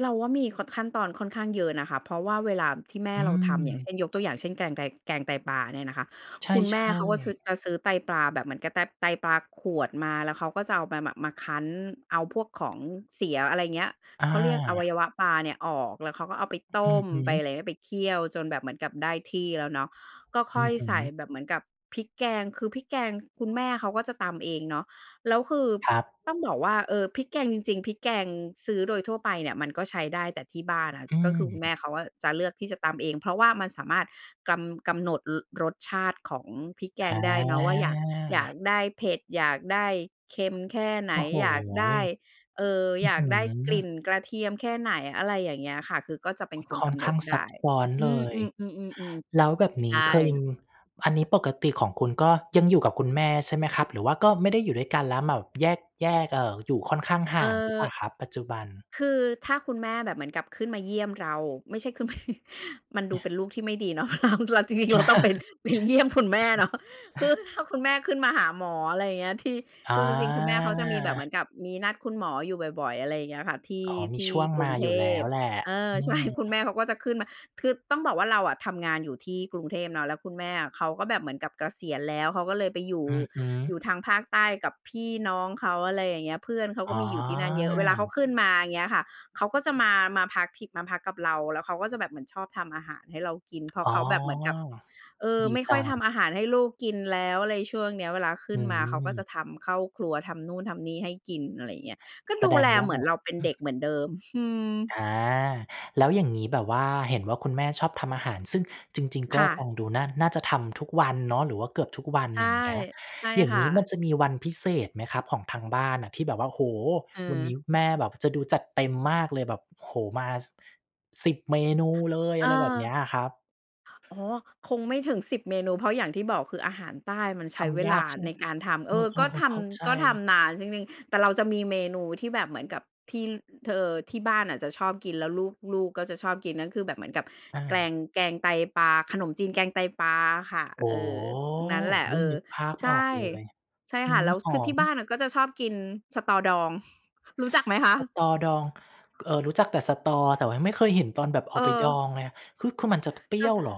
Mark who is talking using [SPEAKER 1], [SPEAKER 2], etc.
[SPEAKER 1] เราว่ามี ค ขั้นตอนค่อนข้างเยอะนะคะ เพราะว่าเวลาที่แม่
[SPEAKER 2] อื
[SPEAKER 1] เราทำ อย่างเช
[SPEAKER 2] ม
[SPEAKER 1] ่น ยกตัวอย่างเช่น แกงไก แกงไตปลาเนี่ยนะคะ
[SPEAKER 2] ใ
[SPEAKER 1] คุณแม
[SPEAKER 2] ช
[SPEAKER 1] ่
[SPEAKER 2] ่
[SPEAKER 1] เขาก็ชือ
[SPEAKER 2] ๆ
[SPEAKER 1] จะซื้อไตปลาแบบเหมือนกับแบบไตปลาขวดมา แล้วเขาก็จะเอามา ม มาคั้น เอาพวกของเสีย อะไรเงี้ย เขาเรียกอวั
[SPEAKER 2] อา
[SPEAKER 1] ยวะปลาเนี่ยออก แล้วเขาก็เอาไป
[SPEAKER 2] อ
[SPEAKER 1] ต
[SPEAKER 2] อื
[SPEAKER 1] ้
[SPEAKER 2] อ
[SPEAKER 1] ม
[SPEAKER 2] ฮ
[SPEAKER 1] ไป
[SPEAKER 2] ึ
[SPEAKER 1] อะไรนะ ไปเคี่ยวจนแบบเหมือนกับได้ที่แล้วเนาะ ก็ค
[SPEAKER 2] อื
[SPEAKER 1] ่อย
[SPEAKER 2] อฮึ
[SPEAKER 1] ใส่แบบเหมือนกับพริกแกง คือพริกแกง ค คุณแม่เขาก็จะตำเองเนาะ แล้วคือ
[SPEAKER 2] ครั
[SPEAKER 1] ต้อง
[SPEAKER 2] บ
[SPEAKER 1] บอกว่า เออ พริกแกงจริง ๆ พริกแกงซื้อโดยทั่วไปเนี่ยมันก็ใช้ได้ แต่ที่บ้านน่ะ ท
[SPEAKER 2] อื
[SPEAKER 1] ก็คือคุณแม่
[SPEAKER 2] ม
[SPEAKER 1] เขาอะจะเลือกที่จะตำเอง เพราะว่ามันสามารถกรำ กำหนด อ รสชาติของพริกแกงได้เนาะว่าอยาก อยาก
[SPEAKER 2] อา
[SPEAKER 1] ได้เผ็ด อยากได้เค็มแค่ไห
[SPEAKER 2] โ
[SPEAKER 1] น
[SPEAKER 2] อ้โฮ
[SPEAKER 1] อยาก
[SPEAKER 2] อ
[SPEAKER 1] ได้ เอ่อ
[SPEAKER 2] ื
[SPEAKER 1] อ
[SPEAKER 2] ้
[SPEAKER 1] ย
[SPEAKER 2] อ
[SPEAKER 1] า
[SPEAKER 2] ฮ
[SPEAKER 1] ก
[SPEAKER 2] ื
[SPEAKER 1] ได้กลิ่
[SPEAKER 2] อ
[SPEAKER 1] นกระเทียมแค่ไหน อะไรอย่างเงี้ยค่ะ คือก็จะเป็
[SPEAKER 2] อ
[SPEAKER 1] น
[SPEAKER 2] ้อ
[SPEAKER 1] คน
[SPEAKER 2] ค่
[SPEAKER 1] ก
[SPEAKER 2] อน
[SPEAKER 1] ำ
[SPEAKER 2] ข
[SPEAKER 1] หน
[SPEAKER 2] ้
[SPEAKER 1] ด
[SPEAKER 2] าง
[SPEAKER 1] ไ
[SPEAKER 2] ซ
[SPEAKER 1] ด
[SPEAKER 2] ับ
[SPEAKER 1] ้
[SPEAKER 2] ซ้อน
[SPEAKER 1] อื
[SPEAKER 2] เลย
[SPEAKER 1] ม ๆ ๆ
[SPEAKER 2] แล้วแบบ
[SPEAKER 1] ๆ ๆ ใ
[SPEAKER 2] น
[SPEAKER 1] ช
[SPEAKER 2] ี้เคย
[SPEAKER 1] ่
[SPEAKER 2] ม อันนี้ปกติของคุณก็ยังอยู่กับคุณแม่ ใช่ไหมครับ หรือว่าก็ไม่ได้อยู่ด้วยกัน แล้วมาแบบแยก แยก เอ่อ อยู่ค่อนข้างห่างหรือเปล่า
[SPEAKER 1] เออ
[SPEAKER 2] ครับ ปัจจุบัน?
[SPEAKER 1] คือถ้าคุณแม่แบบเหมือนกับขึ้นมาเยี่ยมเรา ไม่ใช่ขึ้นมา มันดูเป็นลูกที่ไม่ดีเนาะ เรา เราจริง ๆ เราต้องไป ไปเยี่ยมคุณแม่เนาะ คือถ้าคุณแม่ขึ้นมาหาหมอ อะไรอย่างเงี้ย ที่
[SPEAKER 2] อ
[SPEAKER 1] คือจริง ๆ คุณแม่เขาจะมีแบบเหม
[SPEAKER 2] า
[SPEAKER 1] ือนกับมีนัดคุณหมออยู่บ่อย ๆ อะไรอย่างเงี้ยค่ะ ที่
[SPEAKER 2] อ๋อ ม
[SPEAKER 1] ท
[SPEAKER 2] ี
[SPEAKER 1] ี
[SPEAKER 2] ช
[SPEAKER 1] ่
[SPEAKER 2] ่วง
[SPEAKER 1] กร
[SPEAKER 2] ม
[SPEAKER 1] ุ
[SPEAKER 2] า
[SPEAKER 1] งเท
[SPEAKER 2] อยู่แล้
[SPEAKER 1] พ
[SPEAKER 2] วแหละ
[SPEAKER 1] เออ
[SPEAKER 2] อื
[SPEAKER 1] ใช่
[SPEAKER 2] ม
[SPEAKER 1] คุณแม่เขาก็จะขึ้นมา คือต้องบอกว่าเราอะทำงานอยู่ที่กรุงเทพเนาะ แล้วคุณแม่อะ เขาก็แบบเหมือนกับเกษียณแล้ว เขาก็เลยไปอยู่
[SPEAKER 2] อือฮึ
[SPEAKER 1] อยู่ทางภาคใต้กับพี่น้องเขา อะไรอย่างเงี้ย เพื่อนเขา
[SPEAKER 2] อ
[SPEAKER 1] ก
[SPEAKER 2] ๋
[SPEAKER 1] ็
[SPEAKER 2] อ
[SPEAKER 1] มีอยู่ที่นั่นเยอะ เวลาเขาขึ้นมา อย่างเงี้ยค่ะ เขาก็จะมา มาพักที่ มาพักกับเรา แล้วเขาก็จะแบบเหมือนชอบทำอาหารให้เรากิน เพราะ
[SPEAKER 2] อ๋อ
[SPEAKER 1] เขาแบบเหมือนกับ เออ
[SPEAKER 2] ดี
[SPEAKER 1] ไม่
[SPEAKER 2] จ
[SPEAKER 1] ค่
[SPEAKER 2] ั
[SPEAKER 1] อย
[SPEAKER 2] ง
[SPEAKER 1] ทำอาหารให้ลูกกินแล้ว อะไรช่วงเนี้ย เวลาขึ
[SPEAKER 2] อื
[SPEAKER 1] ้นมาเขาก็จะ
[SPEAKER 2] ม
[SPEAKER 1] ทำ เข้าครัวทำนู่นทำนี่ให้กิน อะไรอย่างเงี้ย ก็
[SPEAKER 2] แส
[SPEAKER 1] ดู
[SPEAKER 2] ด
[SPEAKER 1] แ
[SPEAKER 2] ง
[SPEAKER 1] ล
[SPEAKER 2] ว่
[SPEAKER 1] เ
[SPEAKER 2] า
[SPEAKER 1] หมื
[SPEAKER 2] ห
[SPEAKER 1] อ
[SPEAKER 2] ม
[SPEAKER 1] น
[SPEAKER 2] ด
[SPEAKER 1] เราเป็น
[SPEAKER 2] อื
[SPEAKER 1] เด็
[SPEAKER 2] ม
[SPEAKER 1] กเหมือนเดิม อืม
[SPEAKER 2] อา แล้วอย่างงี้แบบว่า เห็นว่าคุณแม่ชอบทำอาหาร ซึ่งจริง ๆ ก
[SPEAKER 1] ค
[SPEAKER 2] ็
[SPEAKER 1] ่
[SPEAKER 2] ฟ
[SPEAKER 1] ะ
[SPEAKER 2] ังดูน่า น่าจะทำทุกวันเนาะ หรือว่าเกือบทุกวัน
[SPEAKER 1] ใช่
[SPEAKER 2] อย่างเงี้ย
[SPEAKER 1] ใช่
[SPEAKER 2] อย่า
[SPEAKER 1] ค
[SPEAKER 2] งง
[SPEAKER 1] ่
[SPEAKER 2] ี้ม
[SPEAKER 1] ะ
[SPEAKER 2] ันจะมีวันพิเศษไหมครับของทางบ้านน่ะที่แบบว่า โอ้โฮ
[SPEAKER 1] เ
[SPEAKER 2] วันน
[SPEAKER 1] ออ
[SPEAKER 2] ี้แม่แบบจะดูจัดเต็มมากเลยแบบ โอ้โฮ มา ส 10 เมนูเลย
[SPEAKER 1] เอ
[SPEAKER 2] อะไรแบบ
[SPEAKER 1] อ
[SPEAKER 2] เนี้ยอะครับ
[SPEAKER 1] โอ้โฮ! คงไม่ถึง 10 เมนู เพราะอย่างที่บอก คืออาหารใต้มันใช
[SPEAKER 2] ท
[SPEAKER 1] ้เว
[SPEAKER 2] ำย
[SPEAKER 1] ล
[SPEAKER 2] า
[SPEAKER 1] า
[SPEAKER 2] กใช่ไห
[SPEAKER 1] ใ
[SPEAKER 2] ม
[SPEAKER 1] น
[SPEAKER 2] คร
[SPEAKER 1] ก
[SPEAKER 2] ับ?
[SPEAKER 1] ารทำ เ
[SPEAKER 2] เ
[SPEAKER 1] ออ
[SPEAKER 2] อ
[SPEAKER 1] ก็
[SPEAKER 2] อ
[SPEAKER 1] ท
[SPEAKER 2] ๆ ๆ เข้าใจ
[SPEAKER 1] ำ ก็ทำนาน จริง ๆ แต่เราจะมีเมนูที่แบบเหมือนกับที่ ล ท เออ ที่บ้านน่ะจะชอบกิน แล้วลูก ลูกก็จะชอบกิน นั่นคือแบบเหมือนกับ
[SPEAKER 2] อา
[SPEAKER 1] แกลง แกงไตปลา ขนมจีนแกงไตปลาอะค่ะ
[SPEAKER 2] โอ้
[SPEAKER 1] เอ
[SPEAKER 2] โฮ!
[SPEAKER 1] อ นั้นแหละ
[SPEAKER 2] อุ
[SPEAKER 1] เ
[SPEAKER 2] ๊
[SPEAKER 1] อ
[SPEAKER 2] ย
[SPEAKER 1] อ
[SPEAKER 2] นึกภาพ
[SPEAKER 1] ใช
[SPEAKER 2] ออ
[SPEAKER 1] ่
[SPEAKER 2] กเลย
[SPEAKER 1] ใช่
[SPEAKER 2] อื
[SPEAKER 1] ค่ะ
[SPEAKER 2] ม
[SPEAKER 1] แล้ว
[SPEAKER 2] ห
[SPEAKER 1] ค
[SPEAKER 2] อ
[SPEAKER 1] ือที
[SPEAKER 2] ม
[SPEAKER 1] ่บ้านน่ะก็จะชอบกินสะตอดอง รู้จักไหมคะ?
[SPEAKER 2] สะตอดอง ก เออ รู้จักแต่สะตอ แต่ว่ายังไม่เคยเห็นตอนแบบเอ
[SPEAKER 1] เ
[SPEAKER 2] าไปดอ
[SPEAKER 1] ออ
[SPEAKER 2] งเลยอะ คือ คือมันจะ ท เปรี
[SPEAKER 1] ช
[SPEAKER 2] ้
[SPEAKER 1] อบ
[SPEAKER 2] ยว
[SPEAKER 1] ท
[SPEAKER 2] เหร
[SPEAKER 1] า
[SPEAKER 2] อ?